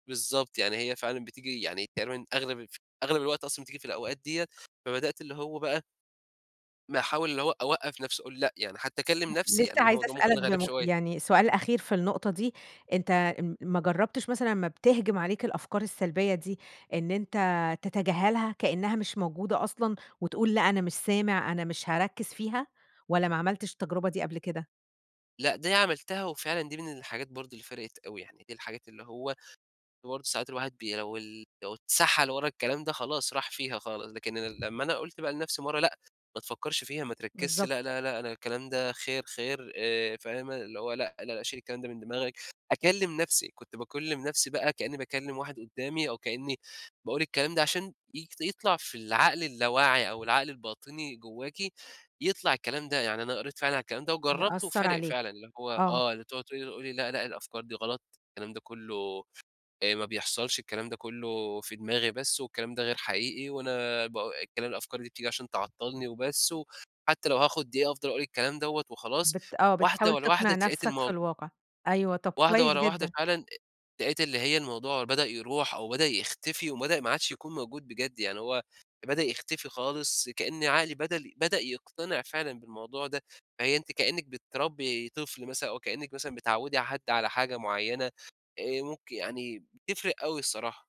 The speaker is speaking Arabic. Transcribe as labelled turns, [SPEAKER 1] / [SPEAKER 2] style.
[SPEAKER 1] بالضبط، يعني هي فعلًا بتيجي يعني تقريبًا أغلب الف أغلب الوقت أصلًا بتيجي في الأوقات ديّة، فبدأت اللي هو بقى ما أحاول اللي هو أوّقف نفسي أقول لأ، يعني حتى اكلّم نفسي
[SPEAKER 2] لسه
[SPEAKER 1] يعني،
[SPEAKER 2] عايزة
[SPEAKER 1] الموضوع ممكن
[SPEAKER 2] اسألك
[SPEAKER 1] غريب
[SPEAKER 2] بم
[SPEAKER 1] شوية.
[SPEAKER 2] يعني سؤال أخير في النقطة دي أنت ام ما جرّبتش مثلًا امّا بتهجم عليك الأفكار السلبية دي إن أنت تتجاهلها، كإنها مش موجودة أصلًا، وتقول لأ، أنا مش سامع، أنا مش هاركّز فيها، والّا ما عملتش التجربة دي قبل كده؟
[SPEAKER 1] لأ، دي عملتها، وفعلًا دي من الحاجات برضه اللي فرقِت أوي، يعني دي الحاجات اللي هو اللي برضه ساعات الواحد بي لو لو اتسَحَل ورا الكلام ده خلاص راح فيها خالص، لكن لمّا أنا قُلت بقى لنفسي مرة لأ، ما تفكّرش فيها، ما تركّزش لأ،
[SPEAKER 2] بالضبط.
[SPEAKER 1] لأ، لأ أنا الكلام ده خير، خير آآ فاهمة، اللي هو لأ، لأ، لأ شيل الكلام ده من دماغك. أكلّم نفسي، كنت باكلّم نفسي بقى كإني باكلّم واحد قدامي، أو كإني باقول الكلام ده عشان ي يطلع في العقل اللاوعي أو العقل الباطني جواكِ، يطلع الكلام ده. يعني أنا قريت فعلًا على الكلام ده وجرّبته
[SPEAKER 2] يأثّر
[SPEAKER 1] وفارق فعلًا،
[SPEAKER 2] عليك.
[SPEAKER 1] اللي هو
[SPEAKER 2] آه.
[SPEAKER 1] آه، اللي بتقعد تقولي قولي لأ، لأ، الأفكار دي غلط، الكلام ده كلّه آآ ما بيحصلش، الكلام ده كلّه في دماغي بس، والكلام ده غير حقيقي، وأنا با الكلام الأفكار دي بتيجي عشان تعطّلني وبس، وحتى لو هاخد دقيقة أفضل أقول الكلام دوّة وخلاص
[SPEAKER 2] بت آه،
[SPEAKER 1] واحدة
[SPEAKER 2] بتحاول
[SPEAKER 1] ورا واحدة
[SPEAKER 2] تقنع
[SPEAKER 1] اتلقيت
[SPEAKER 2] نفسك في
[SPEAKER 1] المو
[SPEAKER 2] الواقع. أيوه، طب
[SPEAKER 1] واحدة
[SPEAKER 2] كويس
[SPEAKER 1] ورا واحدة
[SPEAKER 2] جدًا.
[SPEAKER 1] فعلًا أ لقيت اللي هي الموضوع بدأ يروح، أو بدأ يختفي، وبدأ ما عادش يكون موجود بجد، يعني هو بدأ يختفي خالص كأن عقلي بدل بدأ يقتنع فعلًا بالموضوع ده. فهي أنتِ كإنِّك بتربّي طفل مثلًا أو كإنِّك مثلًا بتعوّدي حد على حاجة معينة، آآ ممكن يعني بتفرق أوي الصراحة.